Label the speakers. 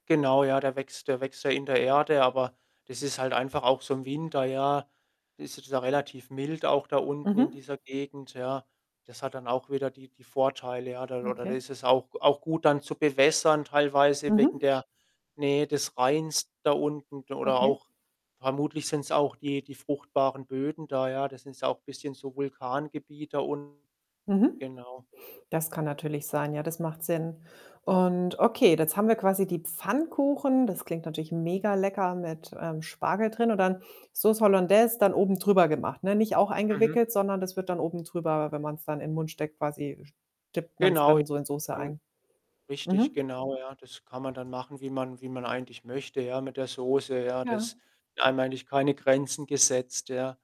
Speaker 1: Genau, ja, der wächst der wächst ja in der Erde, aber das ist halt einfach auch so im Winter, ja, ist es ja relativ mild auch da unten in
Speaker 2: Mhm.
Speaker 1: dieser Gegend, ja. Das hat dann auch wieder die die Vorteile, ja. Da oder
Speaker 2: Okay.
Speaker 1: ist es auch auch gut dann zu bewässern teilweise wegen
Speaker 2: Mhm.
Speaker 1: der Nähe des Rheins da unten d oder
Speaker 2: Okay.
Speaker 1: auch vermutlich sind's auch die die fruchtbaren Böden da, ja. Das sind's auch bisschen so Vulkangebiet da unten.
Speaker 2: Mhm.
Speaker 1: Genau.
Speaker 2: Das kann natürlich sein, ja, das macht Sinn und okay, jetzt haben wir quasi die Pfannkuchen. Das klingt natürlich mega lecker mit, ähm, Spargel drin und dann Sauce Hollandaise dann oben drüber gemacht, ne? Nicht auch
Speaker 1: Mhm.
Speaker 2: eingewickelt, sondern das wird dann oben drüber wenn man's dann in 'n Mund steckt, quasi st dippt man's
Speaker 1: Genau, ja.
Speaker 2: dann so in Sauce
Speaker 1: An
Speaker 2: ein.
Speaker 1: richtig,
Speaker 2: Mhm.
Speaker 1: genau, ja. Das kann man dann machen, wie man wie man eigentlich möchte, ja, mit der Soße, ja. Da ist
Speaker 2: Ja.
Speaker 1: einem eigentlich keine Grenzen gesetzt, ja.